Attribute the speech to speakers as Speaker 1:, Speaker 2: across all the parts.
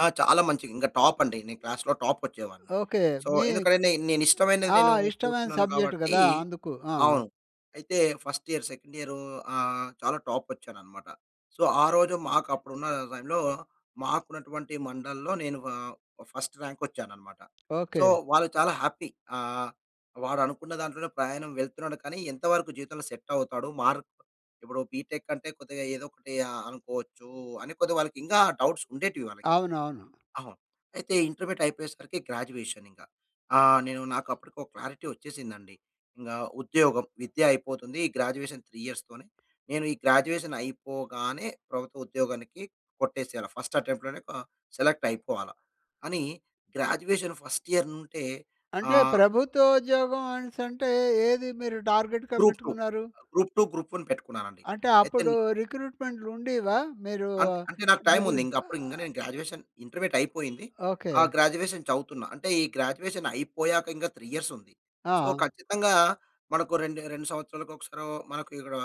Speaker 1: ఆ! చాలా మంచిగ, ఇంగా టాప్ అండి. నేను క్లాస్‌లో టాపోచ్చేవాడిని.
Speaker 2: ఓకే.
Speaker 1: సో
Speaker 2: మీ
Speaker 1: ఎందుకంటే నే నేను ఇష్టమైనది
Speaker 2: ఆ!
Speaker 1: నేను
Speaker 2: ఇష్టమైన
Speaker 1: కోరుకున్నాను
Speaker 2: సబ్జెక్ట్
Speaker 1: కాబట్టి
Speaker 2: గదా! అందుకు. ఆ!
Speaker 1: అవును. అయితే ఫస్ట్ ఇయర్, సెకండ్ ఇయరూ ఆహ్, చాలా టాపో‌చ్చాననమాట. సో ఆ రోజు మాకు అప్పుడు ఉన్న టైమ్‌లో, మాకున్నటువంటి మండల్‌లో నేను ఆహ్, ఆ ఫస్ట్ ర్యాంక్ వచ్చాను అనమాట. So
Speaker 2: okay.
Speaker 1: వాళ్ళు చాలా హ్యాపీ, ఆహ్, వాడు అనుకున్న దాంట్లోనే ప్రయాణం వెళ్తున్నాడు, కానీ ఎంతవరకు జీవితంలో సెట్ అవుతాడు? మార్క్ ఇప్పుడు బీటెక్ అంటే కొద్దిగా ఏదో ఒకటి ఆహ్, అనుకోవచ్చు అని కొద్దిగా వాళ్ళకి ఇంగా ఆ డౌట్స్ ఉండేటివి వాళ్లకి.
Speaker 2: అవునవును.
Speaker 1: అవును. అయితే ఇంటర్మీడియేట్ అయిపోయేసరికి గ్రాడ్యుయేషన్ ఇంకా. ఆహ్, నేను నాకు అప్పటికి ఒక క్లారిటీ వచ్చేసిందండి. ఇంగా ఉద్యోగం విద్య అయిపోతుంది. ఈ గ్రాడ్యుయేషన్ 3 ఇయర్స్‌‌తోనే. నేను ఈ గ్రాడ్యుయేషన్ అయిపోగానే ప్రభుత్వ ఉద్యోగానికి కొట్టేసేయాల ఫస్ట్ అటెంప్ట్‌లోనే ఆహ్, సెలెక్ట్ అయిపోవలా అని, గ్రాడ్యుయేషన్ ఫస్ట్ ఇయర్ నుంటే
Speaker 2: అంటే
Speaker 1: ఆహ్
Speaker 2: ప్రభుత్వ ఉద్యోగం అనిసంటే ఏది మీరు టార్గెట్‌గా
Speaker 1: 'గ్రూప్ టూ.
Speaker 2: పెట్టుకున్నారు?
Speaker 1: గ్రూప్ టూ, గ్రూప్ వన్' పెట్టుకున్నాను అండి.
Speaker 2: అంటే
Speaker 1: అయితే
Speaker 2: అప్పుడు
Speaker 1: నే
Speaker 2: రిక్రూట్మెంట్‌లు ఉండేవా? మీరు
Speaker 1: అంట అంటే నాకు టైమ్ ఉంది.
Speaker 2: మిగులు
Speaker 1: ఇంగా అప్పుడు ఇంగా
Speaker 2: ఆ!
Speaker 1: నేను గ్రాడ్యుయేషన్ ఇంటర్మీడియేట్ అయిపోయింది.
Speaker 2: ఓకే.
Speaker 1: ఆ గ్రాడ్యుయేషన్ చదువుతున్నా. అంటే ఈ గ్రాడ్యుయేషన్ అయిపోయాక ఇంకా 3 ఇయర్స్ ఉంది. సో
Speaker 2: ఆ!
Speaker 1: ఖచ్చితంగా మనకు రెండే 2 సంవత్సరాలకు ఒకసారొ మనకు ఇక్కడ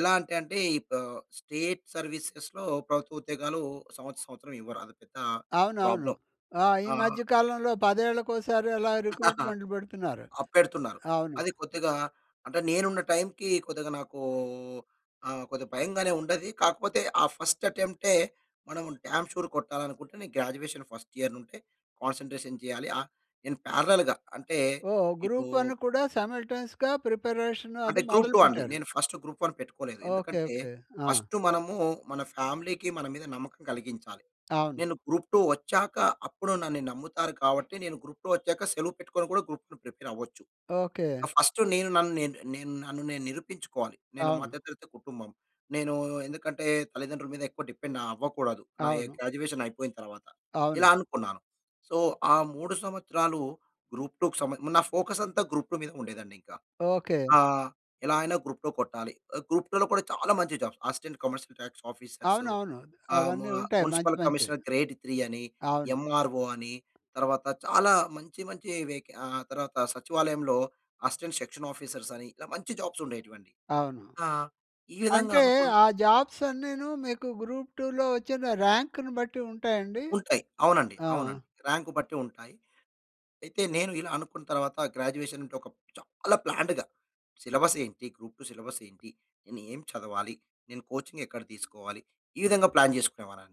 Speaker 1: ఎలాంటంటే ఇప్పు ఈ స్టేట్ సర్వీసెస్‌లో ప్రభుత్వ ఉద్యోగాలు సంవత్సరం సంవత్సరం ఇవ్వరు. అది పెద్ద
Speaker 2: అవునవును.
Speaker 1: ప్రాబ్లమ్.
Speaker 2: ఆ! ఈ
Speaker 1: ఆహ్
Speaker 2: మధ్య కాలంలో పదేళ్ళకోసారి అలా రిక్రూట్మెంట్‌లు పెడుతున్నారు.
Speaker 1: ఆ పెడుతున్నారు.
Speaker 2: అవును.
Speaker 1: అది కొద్దిగా అంటే నేను ఉన్న టైమ్‌కి కొద్దిగా నాకు ఆ కొద్దిగా భయంగానే ఉండేది. కాకపోతే ఆ ఫస్ట్ అటెంప్టే మనం డామ్ షూర్ కొట్టాలనుకుంటే నేను గ్రాడ్యుయేషన్ ఫస్ట్ ఇయర్ నుండే కాన్సంట్రేషన్ చేయాలి. ఆ! నేను పేరలెల్‌గా అంటే
Speaker 2: ఓహ్!
Speaker 1: ఇప్పుడు
Speaker 2: గ్రూప్ వన్ కూడా సైమల్టేన్స‌గా ప్రిపరేషన్
Speaker 1: అంటే
Speaker 2: అది
Speaker 1: గ్రూప్
Speaker 2: మొదలు
Speaker 1: టూ అండి.
Speaker 2: పెట్టారు.
Speaker 1: నేను గ్రూప్ వన్ పెట్టుకోలేదు.
Speaker 2: ఓకే.
Speaker 1: ఎందుకంటే
Speaker 2: ఓకే. ఆ!
Speaker 1: ఫస్టు మనము మన ఫ్యామిలీకి మన మీద నమ్మకం కలిగించాలి.
Speaker 2: అవును.
Speaker 1: నేను గ్రూప్ టూ వచ్చాక అప్పుడు నన్నీ నమ్ముతారు. కాబట్టి నేను గ్రూప్ టూ వచ్చాక సెలవు పెట్టుకొని కూడా గ్రూప్ టూ ప్రిపేర్ అవ్వచ్చు.
Speaker 2: ఓకే.
Speaker 1: ఆ ఫస్టు నేను నన్ను నేను, నేను నన్ను నేను నిరూపించుకోవాలి. నేను
Speaker 2: అవును.
Speaker 1: మధ్య తరగతి కుటుంబం. నేను ఎందుకంటే తల్లిదండ్రుల మీద ఎక్కువ డిపెండ్ అవ్వకూడదు, నా ఏ
Speaker 2: అవును.
Speaker 1: గ్రాడ్యుయేషన్ అయిపోయిన తరువాత. ఇలా
Speaker 2: అవును.
Speaker 1: అనుకున్నాను. సో ఆ 3 సంవత్సరాలు గ్రూప్ టూ‌కు సమే మరి నా ఫోకస్ అంతా గ్రూప్ టూ మీద ఉండేదండి ఇంకా.
Speaker 2: ఓకే.
Speaker 1: ఆ! ఎలా అయినా గ్రూప్ టూ కొట్టాలి. ఆ గ్రూప్ టూలో కూడా చాలా మంచి jobs, assistant commercial tax officers,
Speaker 2: అవునవును.
Speaker 1: ఆహ్, ము
Speaker 2: అవన్నీ ఉంటాయి. మంచి
Speaker 1: మ్యునిసిపల్
Speaker 2: మంచివి.
Speaker 1: కమిషనర్ గ్రేడ్ త్రీ అని,
Speaker 2: అవును.
Speaker 1: ఎమ్‌ఆర్‌ఓ అని, తరువాత చాలా మంచి మంచి వెకేన్ ఆహ్, తర్వాత సచివాలయంలో అసిస్టెంట్ సెక్షన్ ఆఫీసర్స్ అని ఇలా మంచి జాబ్స్ ఉండేటివి అండి.
Speaker 2: అవును.
Speaker 1: ఆ! ఈ విధంగా
Speaker 2: అంటే
Speaker 1: అనుకున్నా
Speaker 2: ఆ జాబ్స్ అన్నీను మీకు గ్రూప్ టూ‌లో వచ్చిన రాంక్‌ని బట్టి ఉంటాయండి?
Speaker 1: ఉంటాయి. అవునండి.
Speaker 2: ఆ!
Speaker 1: అవునండి రాంక్ బట్టి ఉంటాయి. అయితే నేను ఇలా అనుకున్న తరువాత గ్రాడ్యుయేషన్ అంటే చాలా ప్లాన్డ్‌గా సిలబస్ ఏంటి? గ్రూప్ టూ సిలబస్ ఏంటి? నేను ఏం చదవాలి? నేను కోచింగ్ ఎక్కడ తీసుకోవాలి? ఈ విధంగా ప్లాన్ చేసుకునేవానండి.